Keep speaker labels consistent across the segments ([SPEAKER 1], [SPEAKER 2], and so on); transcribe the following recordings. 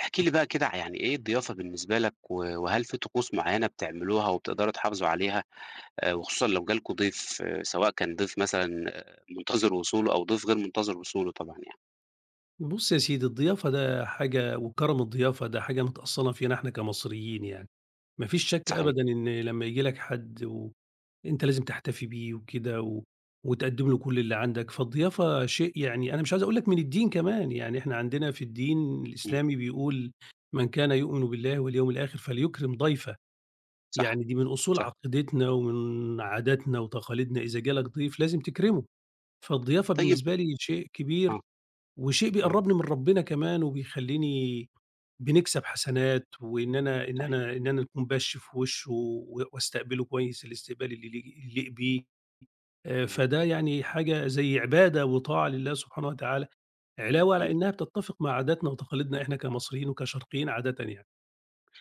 [SPEAKER 1] احكِ لي بقى كده يعني إيه الضيافة بالنسبة لك و وهل في طقوس معيّنة بتعملوها وبتقدَروا تحافظوا عليها آآ، وخصوصًا لو جا لكم ضيف سواء كان ضيف مثلًا مُنتظِر وصوله أو ضيف غير مُنتظِر وصوله طبعًا يعني؟
[SPEAKER 2] بُصّ يا سيدي، الضيافة ده حاجة وكرَم الضيافة ده حاجة متأصّلة فينا إحنا كمصريين يعني، ما فيش شك
[SPEAKER 1] صحيح.
[SPEAKER 2] أبدًا إن لمّا ييجي لك حَد وأنت لازم تحتفي بيه وكده و وتقدّم له كل اللي عندك، فالضيافة شيء يعني أنا مش عايز أقول لك من الدين كمان، يعني إحنا عندنا في الدين
[SPEAKER 1] امم.
[SPEAKER 2] الإسلامي بيقول "من كان يؤمن بالله واليوم الآخِر فليكرِم ضَيْفَه."
[SPEAKER 1] صح،
[SPEAKER 2] يعني دي من أُصول
[SPEAKER 1] صح.
[SPEAKER 2] عقيدتنا ومن عاداتنا وتقاليدنا، إذا جا لك ضيف لازم تكرِمه، فالضيافة
[SPEAKER 1] طيب
[SPEAKER 2] بالنسبة لي شيء كبير
[SPEAKER 1] آه،
[SPEAKER 2] وشيء
[SPEAKER 1] آه.
[SPEAKER 2] بيقرّبني من ربنا كمان، وبيخلّيني بنكسَب حسنات وإن أنا إن
[SPEAKER 1] صحيح.
[SPEAKER 2] أنا إن أنا نكون بَش في وِشّه و وأستقبله كويس الاستقبال اللي ل ي يليق بيه آآ،
[SPEAKER 1] إمم.
[SPEAKER 2] فده يعني حاجة زي عبادة وطاعة لله سبحانه وتعالى، علاوة
[SPEAKER 1] امم.
[SPEAKER 2] على إنها بتتّفق مع عاداتنا وتقاليدنا إحنا كمصريين وكشرقيين عادةً يعني.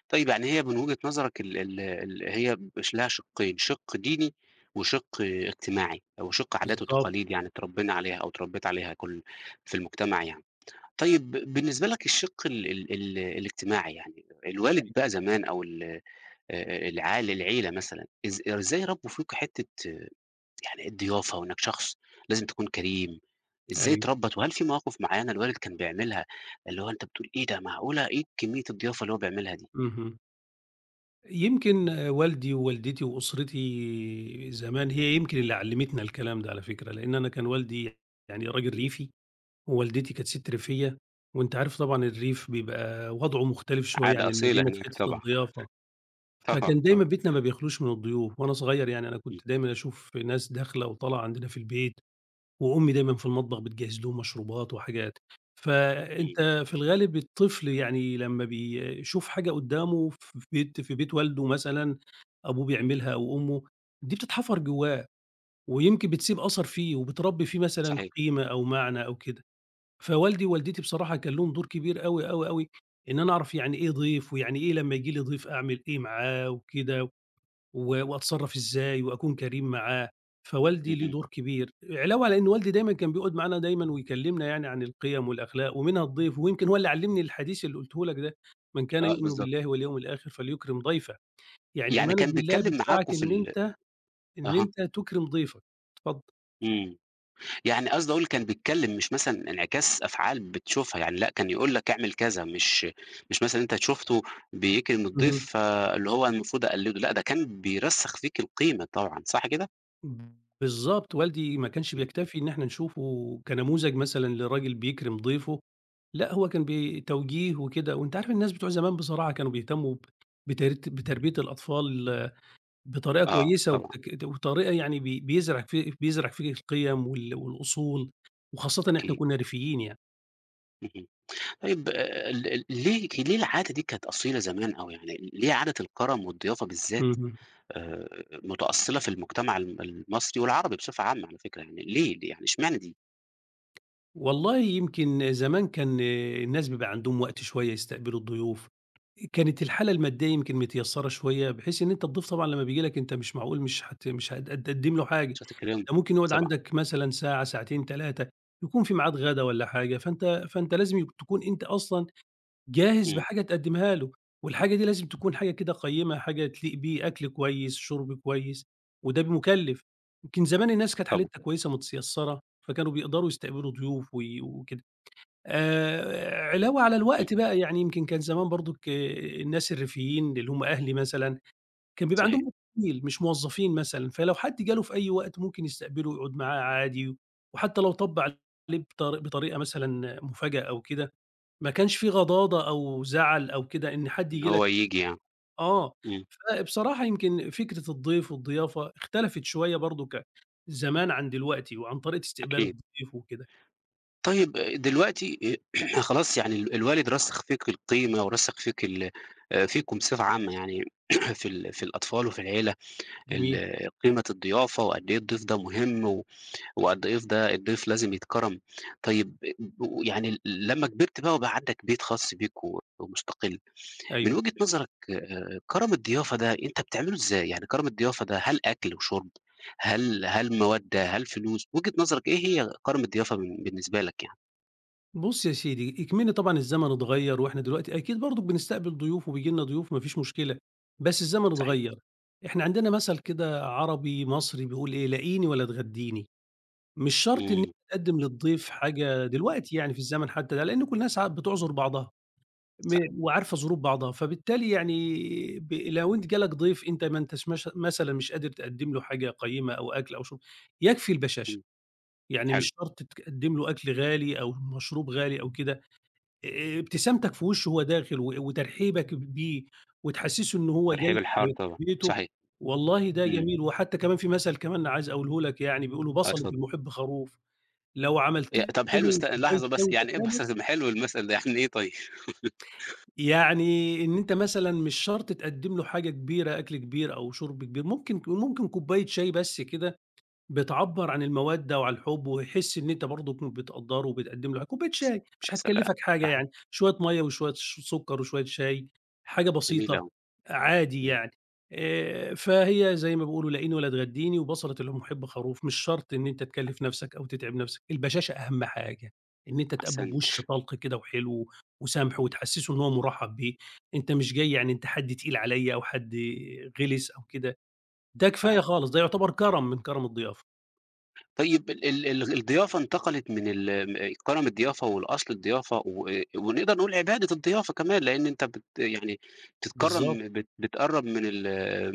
[SPEAKER 1] طيب، يعني هي من وجهة نظرك ال ال ال هي مش لها شِقين: شِق ديني، وشِق اجتماعي، وشِق عادات
[SPEAKER 2] بالضبط.
[SPEAKER 1] وتقاليد يعني اتربّينا عليها، أو اتربّيت عليها كلّ في المجتمع يعني. طيب بالنسبة لك الشِق ال ال ال الاجتماعي يعني الوالد
[SPEAKER 2] أيوه.
[SPEAKER 1] بقى زمان، أو ال آآ، العال العيلة مثلًا إز إزاي ربّوا فيك حِتّة يعني الضيافة، وأنك شخص لازم تكون كريم، إزاي
[SPEAKER 2] أيوه.
[SPEAKER 1] ترَبّت؟ وهل في مواقف معيّنة الوالد كان بيعملها اللي هو أنت بتقول: "إيه ده، معقولة، إيه كمية الضيافة اللي هو بيعملها دي؟!"
[SPEAKER 2] اهم. يمكن والدي ووالدتي وأسرتي زمان، هي يمكن اللي عَلَّمتنا الكلام ده على فكرة، لأن أنا كان والدي يعني راجل
[SPEAKER 1] امم.
[SPEAKER 2] ريفي، ووالدتي كانت سِتّ ريفية، وأنت عارف طبعًا الريف بيبقى وضعه مختلف شوية
[SPEAKER 1] عادة
[SPEAKER 2] عن
[SPEAKER 1] أصيلة
[SPEAKER 2] المدينة في
[SPEAKER 1] هناك
[SPEAKER 2] حتة
[SPEAKER 1] طبعًا.
[SPEAKER 2] الضِّيافة. فكان
[SPEAKER 1] طبعًا،
[SPEAKER 2] دايمًا
[SPEAKER 1] طب
[SPEAKER 2] بيتنا ما بيخلوش من الضيوف، وأنا صغير يعني أنا
[SPEAKER 1] امم.
[SPEAKER 2] كنت دايمًا أشوف ناس داخلة وطالعة عندنا في البيت، وأمي دايمًا في المطبخ بِتِجَهِّز لهم مشروبات وحاجات.
[SPEAKER 1] امم.
[SPEAKER 2] فأنت في الغالب الطفل يعني لمّا بيشوف حاجة قدّامه ف في بيت في بيت والده مثلًا، أبوه بيعملها أو أمه، دي بتتحفر جوّاه، ويمكن بتسيب أثَر فيه، وبتربّي فيه مثلًا
[SPEAKER 1] صحيح.
[SPEAKER 2] قيمة أو معنى أو كده. فوالدي ووالدتي بصراحة كان لهم دور كبير أوي، أوي، أوي، إن أنا أعرف يعني إيه ضَيف، ويعني إيه لمّا ييجي لي ضَيف أعمل إيه معاه وكده، و وأتصرف إزاي، وأكون كريم معاه. فوالدي له
[SPEAKER 1] اهم.
[SPEAKER 2] دور كبير، علاوة على إن والدي دايمًا كان بيقعد معانا دايمًا ويكلّمنا يعني عن القيم، والأخلاق، ومنها الضيف، ويمكن هو اللي علّمني الحديث اللي قُلته لك ده: "مَنْ كانَ
[SPEAKER 1] آه،
[SPEAKER 2] يُؤْمِنُ
[SPEAKER 1] بالضبط.
[SPEAKER 2] بِاللهِ، وَاليَوْمِ الآخِرِ، فَلْيُكْرِمْ ضَيْفَهُ." يعني
[SPEAKER 1] يعني
[SPEAKER 2] إيمانك
[SPEAKER 1] كان
[SPEAKER 2] بالله
[SPEAKER 1] بيتكلم
[SPEAKER 2] بِيِدفَعَك
[SPEAKER 1] معاكم في
[SPEAKER 2] إن
[SPEAKER 1] ال
[SPEAKER 2] أنت إن
[SPEAKER 1] أها.
[SPEAKER 2] أنت تُكرم ضيفك. اتفضل.
[SPEAKER 1] امم، يعني قصدي أقول كان بِيِتكلِّم، مش مثلًا انعكاس أفعال بتشوفها يعني، لأ، كان يقول لك: "اعمَل كذا." مش مش مثلًا أنت ت شُفته بِيِكرِم الضَّيف،
[SPEAKER 2] اهم.
[SPEAKER 1] فاللي هو المفروض أقلِّدُه، لأ، ده كان بِيِرَسِّخ فيك القيمة طبعًا، صح كده؟
[SPEAKER 2] إمم، بالضبط، والدي ما كانش
[SPEAKER 1] إمم.
[SPEAKER 2] بيكتفي إن إحنا نشوفه كنموذج مثلًا لراجل بيكرِم ضيفه، لأ، هو كان بي توجيه وكده وأنت عارف الناس بتوع زمان بصراحة كانوا بيهتمّوا ب بترت بتربية الأطفال بطريقة
[SPEAKER 1] آه،
[SPEAKER 2] كويسة
[SPEAKER 1] طبعًا.
[SPEAKER 2] وتك وطريقة يعني بي بيزرع في بيزرع فيك القيم وال والأصول، وخاصةً إحنا
[SPEAKER 1] أكيد.
[SPEAKER 2] كًنّا ريفيّين يعني.
[SPEAKER 1] اهم. طيب آآ ال ال ليه ليه العادة دي كانت أصيلة زمان أو يعني ل ليه عادة الكَرَم والضيافة بالذات
[SPEAKER 2] اهم.
[SPEAKER 1] آآ مُتأصِّلة في المجتمع ال المصري والعربي بصفة عامة على فكرة، يعني ليه، ليه يعني إشمعنى دي؟
[SPEAKER 2] والله يمكن زمان كان الناس بيبقى عندهم وقت شوية يستقبلوا الضيوف، آآ كانت الحالة المادّية يمكن متيسّرة شوية بحيث إن أنت الضيف طبعًا لمّا بييجي لك أنت مش معقول مش حت مش هد هد هتقدّم له حاجة،
[SPEAKER 1] مش هتكرمه،
[SPEAKER 2] ده ممكن يقعد
[SPEAKER 1] طبعًا.
[SPEAKER 2] عندك مثلًا ساعة، ساعتين، 3، يكون في ميعاد غَدا والّا حاجة، فأنت فأنت لازم ي تكون أنت أصلًا جاهز
[SPEAKER 1] إمم.
[SPEAKER 2] بحاجة تقدّمها له، والحاجة دي لازم تكون حاجة كده قيّمة حاجة تليق بيه، أكل كويس، شُرْب كويس وده مُكلِّف. يمكن زمان الناس كانت
[SPEAKER 1] طبعًا.
[SPEAKER 2] حالتها كويسة متيسرة، فكانوا بيقدروا يستقبلوا ضيوف و وكده. آآ، علاوة على
[SPEAKER 1] إمم.
[SPEAKER 2] الوقت بقى يعني يمكن كان زمان برضُك الناس الريفيّين اللي هم أهلي مثلًا كان بيبقى
[SPEAKER 1] صحيح.
[SPEAKER 2] عندهم [unintelligible] مش موظّفين مثلًا، فلو حد جاله في أي وقت ممكن يستقبله ويقعد معاه عادي، وحتّى لو طَب عليه بطر بطريقة مثلًا مفاجأة أو كده ما كانش في غضاضة أو زَعَل أو كده إن حد
[SPEAKER 1] إن
[SPEAKER 2] ييجي لك
[SPEAKER 1] هو ييجي يع
[SPEAKER 2] آه،
[SPEAKER 1] إمم.
[SPEAKER 2] فبصراحة يمكن فكرة الضيف والضيافة اختلفِت شوية برضُك ع زمان عن دلوقتي وعن طريقة استقبال
[SPEAKER 1] أكيد.
[SPEAKER 2] الضيف وكده.
[SPEAKER 1] طيب دلوقتي آآ خلاص يعني ال الوالد رسّخ فيك القيمة ورسّخ فيك ال آآ فيكم بصفة عامة يعني في ال في الأطفال وفي العيلة
[SPEAKER 2] جميل.
[SPEAKER 1] ال قيمة الضيافة وقد إيه الضيف ده مهم و وقد إيه ف ده الضيف لازم يتكرَم، طيب آآ ب يعني ال ل لمّا كبِرت بقى وبقى عندك بيت خاص بيك و ومُستقِل، من
[SPEAKER 2] أيوه.
[SPEAKER 1] وجهة نظرك آآ كَرَم الضيافة ده أنت بتعمله إزاي، يعني كَرَم الضيافة ده، هل أكل وشرب، هل هل مَوَدّة، هل فلوس؟ وجهة نظرك إيه هي كَرَم الضيافة بالن بالنسبة لك يعني؟
[SPEAKER 2] بُصّ يا سيدي، إكمن طبعًا الزمن اتغيَّر وإحنا دلوقتي أكيد برضك بنستقبل ضُيوف وبييجي لِنا ضُيوف ما فيش مشكلة، بس الزمن
[SPEAKER 1] صحيح.
[SPEAKER 2] اتغيّر، إحنا عندنا مَثَل كده عربي مصري بيقول إيه، "لاقيني ولا تغدّيني"، مش شرطْ إن أنت
[SPEAKER 1] إمم.
[SPEAKER 2] تِقدِّم للضيف حاجة دلوقتي يعني في الزمن حتى ده، لأن كُلّ الناس عا بِتُعذُر بعضها، م
[SPEAKER 1] صح.
[SPEAKER 2] وعارفة ظُروف بعضها فبالتالي يعني ب لو أنت جَه لك ضيف أنت ما أنتاش مش مثلًا مش قادر تِقَدّم له حاجة قَيّمة أو أكل أو شُرب، يكفي البشَاشة،
[SPEAKER 1] إمم،
[SPEAKER 2] يعني
[SPEAKER 1] حلو.
[SPEAKER 2] مش شرط ت تِقَدّم له أكل غالي أو مَشْروب غالي أو كده آآ، ابتسَامْتك في وِشّه وهو دَاخِل و وترحيبك بيه وتحسُّسه إنه هو
[SPEAKER 1] الترحيب
[SPEAKER 2] جاي
[SPEAKER 1] الحار
[SPEAKER 2] في في
[SPEAKER 1] طبعًا
[SPEAKER 2] بيته،
[SPEAKER 1] صحيح،
[SPEAKER 2] والله ده
[SPEAKER 1] إمم.
[SPEAKER 2] جَميل وحتى كَمَان في مَثلْ كَمَان عايز أقوله لك يعني، بيقولوا
[SPEAKER 1] آه،
[SPEAKER 2] "بَصَلة
[SPEAKER 1] اتفضل.
[SPEAKER 2] المُحِبّ خَروف"، لو عَملْت
[SPEAKER 1] آآ، طَب حلو
[SPEAKER 2] له
[SPEAKER 1] استن
[SPEAKER 2] كوباية
[SPEAKER 1] لحظة
[SPEAKER 2] شاي
[SPEAKER 1] بس، يعني إيه
[SPEAKER 2] وإدّيتها له
[SPEAKER 1] بَصَلة المح حلو المَثَل ده يعني إيه طيب؟
[SPEAKER 2] يعني إن أنت مثلًا مش شرط تِقَدِّم له حاجة كبيرة أكل كبير أو شُرْب كبير، ممكن ك ممكن كوباية شاي بس كده، بتْعَبَّر عن المَّوَدَّة وعن الحب ويحس إن أنت برضك كنت بتقدّره وبتقَدِّم له ح كوباية شاي،
[SPEAKER 1] يا
[SPEAKER 2] مش
[SPEAKER 1] سلام!
[SPEAKER 2] هتكَلِّفَك حاجة
[SPEAKER 1] صحيح.
[SPEAKER 2] يعني، شوية مَيّة وشوية ش سُكّر وشوية شاي حاجة
[SPEAKER 1] جَمِيل
[SPEAKER 2] بسيطة،
[SPEAKER 1] أوي.
[SPEAKER 2] عادي
[SPEAKER 1] إمم.
[SPEAKER 2] يعني آآ، فهي زي ما بيقولوا "لاقيني ولا تغدّيني"، و"بَصَلة المُحِبّ خروف"، مش شرط إن أنت
[SPEAKER 1] [unintelligible]
[SPEAKER 2] تِكَلّف نَفسَك أو تتعب نَفسَك، البشَاشَة أهم حاجة، إن أنت تقابله
[SPEAKER 1] أحسنت.
[SPEAKER 2] بِوشّ طَلْقْ كده وحلو وسَمْح
[SPEAKER 1] اهم.
[SPEAKER 2] وتحسِّسه إن هو مُرَحبّ بيه، أنت مش جاي يعني أنت حد تقيل عليَّ أو حد غلِس أو كده، ده كفاية
[SPEAKER 1] صحيح.
[SPEAKER 2] خالص ده يُعتَبر كَرَم من كَرَم الضِيَافة.
[SPEAKER 1] طيب ال ال ال الضيافة انتقلت من ال م كرم الضيافة والأصل الضيافة و ونقدر نقول عبادة الضيافة كمان لأن أنت بت يعني
[SPEAKER 2] بالضبط.
[SPEAKER 1] تتكرم بت بتقرب من ال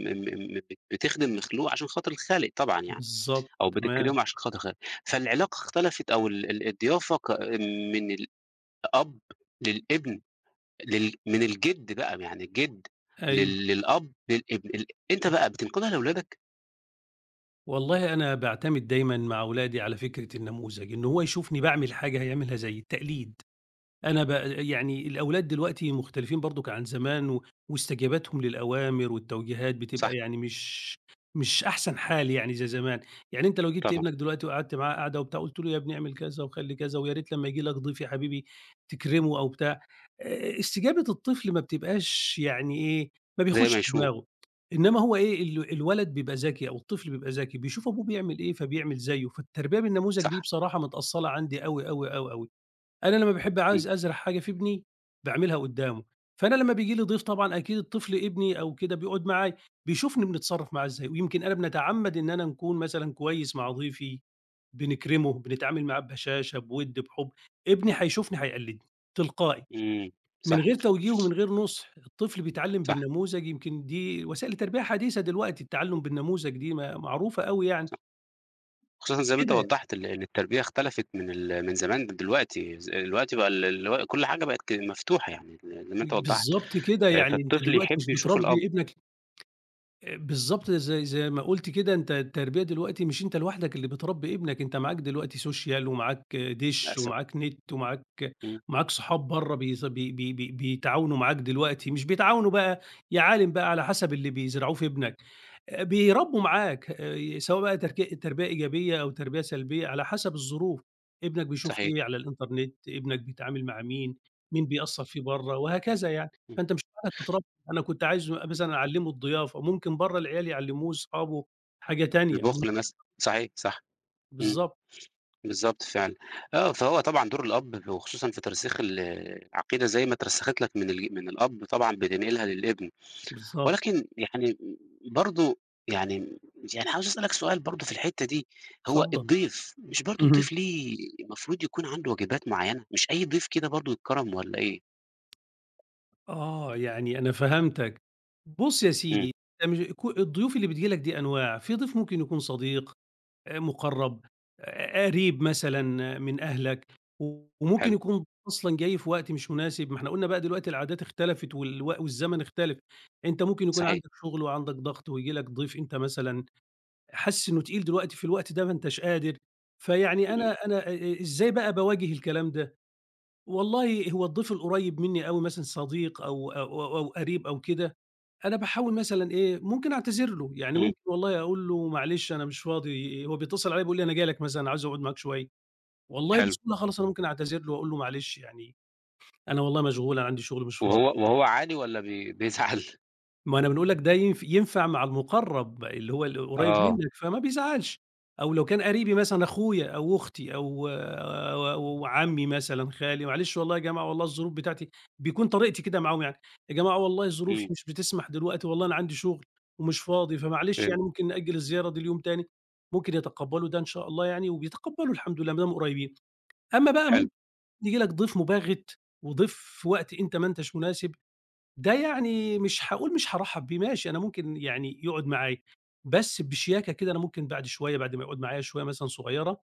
[SPEAKER 1] م م م ب بتخدم مخلوق عشان خاطر الخالق طبعًا يعني،
[SPEAKER 2] بالضبط،
[SPEAKER 1] أو
[SPEAKER 2] تمام.
[SPEAKER 1] بتكرمه عشان خاطر الخالق. فالعلاقة اختلفت أو ال ال الضيافة كا من الأب للإبن لل من الجد بقى يعني الجد
[SPEAKER 2] أيوه.
[SPEAKER 1] لل للأب للإبن ال أنت
[SPEAKER 2] امم.
[SPEAKER 1] بقى بتنقلها لولادك؟
[SPEAKER 2] والله أنا باعتمد دايمًا مع ولادي على فكرة النموذج، إن هو يشوفني باعمل حاجة هيعملها زيّي، التقليد. أنا بأ يعني الأولاد دلوقتي مختلفين برضك عن زمان، و واستجابتهم للأوامر والتوجيهات
[SPEAKER 1] صح.
[SPEAKER 2] بتبقى يعني مش مش أحسن حال يعني زي زمان. يعني أنت لو جبت
[SPEAKER 1] طبعًا.
[SPEAKER 2] ابنك دلوقتي وقعدت معاه قعدة وبتاع وقلت له يا ابني اعمل كذا، وخلّي كذا، ويا ريت لمّا ييجي لك ضيف يا حبيبي تكرمه أو بتاع، آآ، استجابة الطفل ما بتبقاش يعني إيه، ما
[SPEAKER 1] زي
[SPEAKER 2] بيخشش
[SPEAKER 1] ما يشوف.
[SPEAKER 2] دماغه إنما هو إيه ال الولد بيبقى ذكي أو الطفل بيبقى ذكي، بيشوف أبوه بيعمل إيه فبيعمل زيّه. فالتربية بالنموذج دي
[SPEAKER 1] صح.
[SPEAKER 2] بصراحة متأصلة عندي أوي، أوي، أوي، أوي. أنا لمّا باحب
[SPEAKER 1] امم.
[SPEAKER 2] عاوز أزرع حاجة في ابني باعملها قدامه، فأنا لمّا بييجي لي ضيف طبعًا أكيد الطفل ابني أو كده بيقعد معايا، بيشوفني بنتصرف معاه إزاي، ويمكن أنا بنتعمد إن أنا نكون مثلًا كويس مع ضيفي، بنكرمه، بنتعامل معاه ببشاشة، بِوّد، بِحُب ابني هيشوفني هيقلدني، تلقائي،
[SPEAKER 1] امم،
[SPEAKER 2] من غير
[SPEAKER 1] صحيح.
[SPEAKER 2] توجيه ومن غير نُصح، الطفل بيتعلم
[SPEAKER 1] صح.
[SPEAKER 2] بالنموذج يمكن دي وسائل التربية حديثة دلوقتي التعلم بالنموذج دي م معروفة أوي يعني.
[SPEAKER 1] صح. خصوصًا زي ما أنت
[SPEAKER 2] كده ي
[SPEAKER 1] وَضّحت ال إن التربية اختلفت من ال من زمان لدلوقتي، ز دلوقتي بقى ال اللي هو كل حاجة بقت ك مفتوحة يعني زي ما أنت وضّحت.
[SPEAKER 2] بالضبط كده، يعني أنت
[SPEAKER 1] فالطفل
[SPEAKER 2] دلوقتي
[SPEAKER 1] يحب
[SPEAKER 2] مش
[SPEAKER 1] يشوف الأب.
[SPEAKER 2] بتربي ابنك آآ، بالضبط زي زي ما قُلت كده أنت التربية دلوقتي مش أنت لوحدك اللي بتربي ابنك أنت معاك دلوقتي Social ومعاك دِشّ
[SPEAKER 1] للأسف.
[SPEAKER 2] ومعاك نت ومعاك
[SPEAKER 1] امم.
[SPEAKER 2] ومعاك صحاب بره بيز بي بي بي بيتعاونوا معاك دلوقتي، مش بيتعاونوا بقى، يا عالِم بقى على حسب اللي بيزرعوه في ابنك. آآ، بيربوا معاك آآ، سواء بقى تر تربية إيجابية أو تربية سلبية على حسب الظروف. ابنك بيشوف
[SPEAKER 1] صحيح.
[SPEAKER 2] إيه على الInternet ابنك بيتعامل مع مين، مين بيأثر فيه بره، وهكذا يعني.
[SPEAKER 1] اهم.
[SPEAKER 2] فأنت مش عارف [unintelligible] أنا كنت عايز مثلًا أعلّمه الضيافة. ممكن بره العيال يعلموه، صحابه، حاجة تانية، ممكن
[SPEAKER 1] البُخل مثلًا، صحيح، صح.
[SPEAKER 2] [unintelligible]
[SPEAKER 1] امم.
[SPEAKER 2] بالضبط.
[SPEAKER 1] بالضبط فعلًا، آه فهو طبعًا دور الأب و خصوصًا في ترسيخ العقيدة زي ما اترسخت لك من الج من الأب طبعًا بتنقلها للإبن،
[SPEAKER 2] بالضبط.
[SPEAKER 1] ولكن يعني برضه يعني يعني عاوز أسألك سؤال برضه في الحتة دي، هو
[SPEAKER 2] اتفضل.
[SPEAKER 1] الضيف مش برضه
[SPEAKER 2] اهم.
[SPEAKER 1] الضيف ليه المفروض يكون عنده واجبات مُعيّنة، مش أي ضيف كده برضه يتكرم والّا ايه؟
[SPEAKER 2] آه، يعني أنا فهمتك. بُص يا
[SPEAKER 1] امم.
[SPEAKER 2] سيدي [unintelligible] ك الضيوف اللي بتيجي لك دي أنواع: في ضيف ممكن يكون صديق، آآ، مقرب، ق ق قريب مثلًا من أهلك. وممكن
[SPEAKER 1] حلو.
[SPEAKER 2] يكون أصلًا جاي في وقت مش مناسب، ما إحنا قلنا بقى دلوقتي العادات اختلفت والو والزمن اختلف، أنت ممكن يكون
[SPEAKER 1] صحيح.
[SPEAKER 2] عندك شغل وعندك ضغط وييجي لك ضيف أنت مثلًا حاسس إنه تقيل دلوقتي في الوقت ده ما أنتش قادر. فيعني
[SPEAKER 1] امم.
[SPEAKER 2] أنا أنا إ إ إزاي بقى باواجه الكلام ده، والله هو الضيف القريب مني أوي مثلًا صديق أو أو أو أو قريب، أو كده أنا باحاول مثلًا إيه ممكن أعتذر له، يعني
[SPEAKER 1] امم.
[SPEAKER 2] ممكن والله أقول له: "معلش أنا مش فاضي"، هو بيتصل عليَّ بيقول لي أنا جاي لك مثلًا عايز أقعد معاك شوية، والله
[SPEAKER 1] حلو.
[SPEAKER 2] بسهولة خالص أنا ممكن أعتذر له وأقول له: "معلش يعني أنا والله مشغول أنا عندي شغل مش فاضي".
[SPEAKER 1] وهو وهو عادي ولا بي بيزعل؟
[SPEAKER 2] ما أنا بنقول لك ده ين ينفع مع المُقرّب اللي هو القريّب
[SPEAKER 1] آه.
[SPEAKER 2] منك فما بيزعّلش، أو لو كان قرِيبي مثلًا أخويا أو أختي أو، أو عمّي مثلًا، خالي "معلش والله يا جماعة والله الظروف بتاعتي" بيكون طريقتي كده معاهم يعني "يا جماعة والله ظروفي
[SPEAKER 1] إمم.
[SPEAKER 2] مش بتسمح دلوقتي، والله أنا عندي شُغل ومش فاضي فمعلش يعني
[SPEAKER 1] فهِمت.
[SPEAKER 2] ممكن نأجّل الزيارة دي ليوم تاني." ممكن يتقبّلوا ده إن شاء الله يعني وبيتقبّلوا الحمد لله ما دام قريّبين. أمّا بقى
[SPEAKER 1] حلو.
[SPEAKER 2] ممكن ييجي لك ضيف مباغِت وضيف في وقت أنت ما أنتاش مناسب، ده يعني مش هاقول مش هارحّب بيه، ماشي أنا ممكن يعني يقعُد معايا بس بشياكة كده، أنا ممكن بعد شوية بعد ما يقعُد معايا شوية مثلًا صغيرة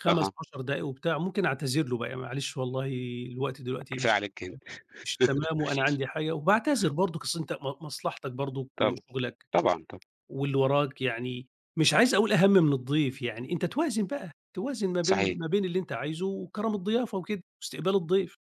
[SPEAKER 2] خَمَس،
[SPEAKER 1] أها.
[SPEAKER 2] عَشَر دقايق وبتاع ممكن أعتذر له بقى "معلش والله الوقت دلوقتي مش
[SPEAKER 1] كفاية
[SPEAKER 2] ت
[SPEAKER 1] عليك كده.
[SPEAKER 2] مش تمام وأنا عندي حاجة." وباعتذر برضك، أصل أنت م مصلحتك برضك
[SPEAKER 1] طبعًا،
[SPEAKER 2] وشُغلك
[SPEAKER 1] طبعًا، طبع
[SPEAKER 2] واللي وراك يعني مش عايز أقول أهَم من الضيف، يعني أنت توازن بقى، توازن ما بين
[SPEAKER 1] صحيح.
[SPEAKER 2] ما بين اللي أنت عايزه وكرَم الضيافة وكده واستقبال الضيف.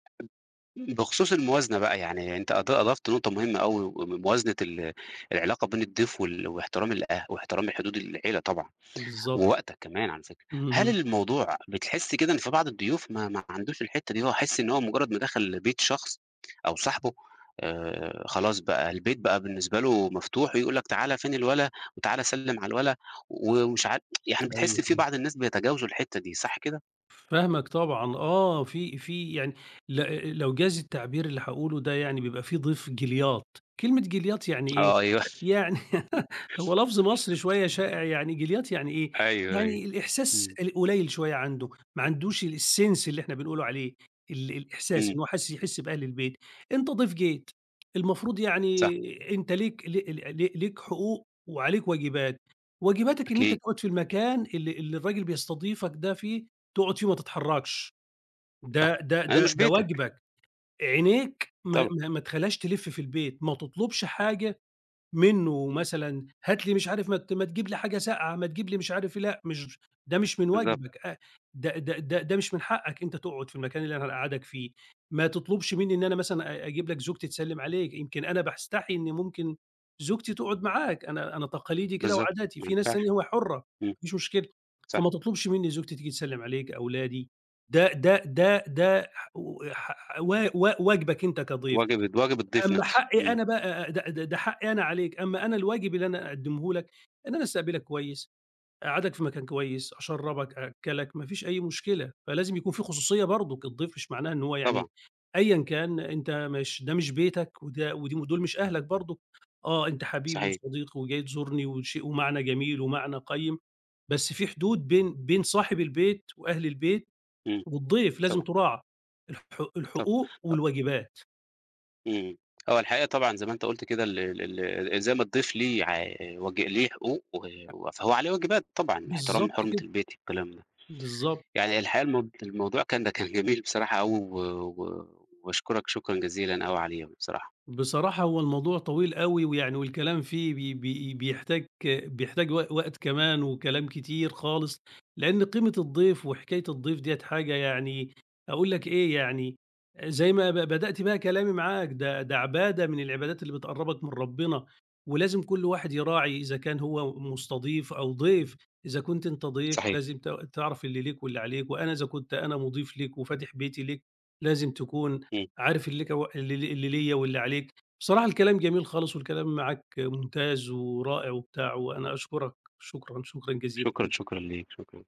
[SPEAKER 1] ب بخصوص الموازنة بقى يعني، أنت أض أضفت نقطة مهمة أوي، م موازنة ال العلاقة بين الضيف وال واحترام الأه واحترام الحدود العيلة طبعًا
[SPEAKER 2] بالضبط.
[SPEAKER 1] ووقتك كمان على فكرة، هل
[SPEAKER 2] اهم.
[SPEAKER 1] الموضوع بتحس كده إن في بعض الضيوف ما ما عندوش الحِتّة دي إن هو يحس إن هو مجرّد ما دخَل بيت شخص أو صاحبه، آآ، خلاص بقى البيت بقى بالنسبة له مفتوح ويقول لك "تعالَ فين الولا؟ وتعالَ سَلّم على الولا." و ومش عارف يعني
[SPEAKER 2] أيوه،
[SPEAKER 1] بتحس في
[SPEAKER 2] أيوه.
[SPEAKER 1] بعض الناس بيتجاوزوا الحِتّة دي،
[SPEAKER 2] ف
[SPEAKER 1] صح كده؟
[SPEAKER 2] فاهمك طبعًا، آه، في في يعني ل لو جاز التعبير اللي هاقوله ده يعني بيبقى في ضيف جِلياط، كلمة جِلياط يعني إيه،
[SPEAKER 1] أيوه.
[SPEAKER 2] يعني هو لفظ مصري شوية شائع يعني، جِلياط يعني إيه،
[SPEAKER 1] أيوه، أيوه،
[SPEAKER 2] يعني الإحساس
[SPEAKER 1] إمم.
[SPEAKER 2] القليل شوية عنده، ما عندوش الsense اللي إحنا بنقول عليه، ال الإحساس
[SPEAKER 1] إمم.
[SPEAKER 2] إنه حس يحس بأهل البيت، أنت ضيف جيت المفروض
[SPEAKER 1] صح.
[SPEAKER 2] يعني أنت ليك ل ل ل ليك حقوق وعليك واجبات، واجباتك إن أنت
[SPEAKER 1] أكيد.
[SPEAKER 2] تقعُد في المكان اللي اللي الراجل بيستضيفك ده فيه، تقعُد فيه ما تتحرّكش،
[SPEAKER 1] صح،
[SPEAKER 2] ده ده
[SPEAKER 1] ما
[SPEAKER 2] ده
[SPEAKER 1] مش
[SPEAKER 2] ده
[SPEAKER 1] بيتك.
[SPEAKER 2] واجبك، عينيك ما
[SPEAKER 1] طبعًا.
[SPEAKER 2] ما ما تخلّيهاش تلِف في البيت، ما تطلُبش حاجة منّه مثلًا، "هات لي" مش عارف "ما ما تجيب لي حاجة ساقعة، ما تجيب لي" مش عارف إيه، لأ مش ده مش من
[SPEAKER 1] بالضبط.
[SPEAKER 2] واجبك آآ ده ده ده ده مش من حقّك، أنت تقعُد في المكان اللي أنا هنقعَّدك فيه، ما تطلبش منّي إن أنا مثلًا أ أجيب لك زوجتي تسلّم عليك، يمكن أنا باستحي إن ممكن زوجتي تقعُد معاك، أنا أنا تقاليدي كده
[SPEAKER 1] بالضبط،
[SPEAKER 2] وعاداتي،
[SPEAKER 1] ما
[SPEAKER 2] في ناس
[SPEAKER 1] ينفعش،
[SPEAKER 2] تانية هو حرّة ما
[SPEAKER 1] إمم،
[SPEAKER 2] فيش مشكلة
[SPEAKER 1] صح.
[SPEAKER 2] فما تطلبش منّي زوجتي تيجي تسلّم عليك، أولادي ده ده ده ده ح ح و و واجبك أنت كضيف،
[SPEAKER 1] واجب ال واجب الضيف
[SPEAKER 2] أمّا
[SPEAKER 1] نَفْسه،
[SPEAKER 2] حقّي
[SPEAKER 1] إمم.
[SPEAKER 2] أنا ب د د ده حقّي أنا عليك، أمّا أنا الواجب اللي أنا أقدّمه لك إن أنا أستقبلك كويس، أقعّدك في مكان كويس، أشرّبك، أأكّلك، ما فيش أي مشكلة، فلازم يكون في خصوصية برضك، الضيف مش معناه إن هو يعني
[SPEAKER 1] طبعًا.
[SPEAKER 2] أيًا كان أنت مش ده مش بيتك وده ودي ودول مش أهلك برضه، آه أنت حبيبي
[SPEAKER 1] صحيح.
[SPEAKER 2] وصديقي وجاي تزورني وشيء ومعنى جميل ومعنى قيّم، بس في حدود بين بين صاحب البيت وأهل البيت
[SPEAKER 1] إمم،
[SPEAKER 2] والضيف لازم
[SPEAKER 1] طبعًا.
[SPEAKER 2] تُراعى، الح
[SPEAKER 1] طبعًا
[SPEAKER 2] الحقوق
[SPEAKER 1] أ
[SPEAKER 2] والواجبات.
[SPEAKER 1] إمم، هو الحقيقة طبعًا زي ما أنت قُلت كده ال ال ال زي ما الضيف ليه ع واج ليه حقوق و فهو عليه واجبات، طبعًا، احترام
[SPEAKER 2] بالضبط
[SPEAKER 1] حُرمة
[SPEAKER 2] كده.
[SPEAKER 1] البيت والكلام ده.
[SPEAKER 2] بالضبط.
[SPEAKER 1] يعني الحقيقة الم الموضوع كان، ده كان جميل بصراحة أوي و و وباشكرك، شكرًا جزيلًا أوي عليه بصراحة.
[SPEAKER 2] بصراحة هو الموضوع طويل أوي ويعني والكلام فيه ب ب بيحتاج بيحتاج وق وقت كمان وكلام كتير خالص، لأن قيمة الضيف وحكاية الضيف ديّة حاجة يعني أقول لك إيه، يعني زي ما ب بدأت بقى كلامي معاك ده ده عبادة من العبادات اللي بتقرّبك من ربنا ولازم كل واحد يراعي إذا كان هو مستضيف أو ضيف، إذا كنت أنت ضيف
[SPEAKER 1] صحيح.
[SPEAKER 2] لازم ت تعرَف اللي ليك واللي عليك وأنا إذا كنت أنا مضيف ليك وفاتح بيتي ليك لازم تكون
[SPEAKER 1] إمم.
[SPEAKER 2] عارف لك اللي اللي ليّا واللي عليك، بصراحة الكلام جميل خالص والكلام معاك ممتاز ورائع وبتاع، وأنا أشكرك، شكرًا، شكرًا جزيلًا
[SPEAKER 1] شكرًا،
[SPEAKER 2] جدًا.
[SPEAKER 1] شكرًا ليك، شكرًا.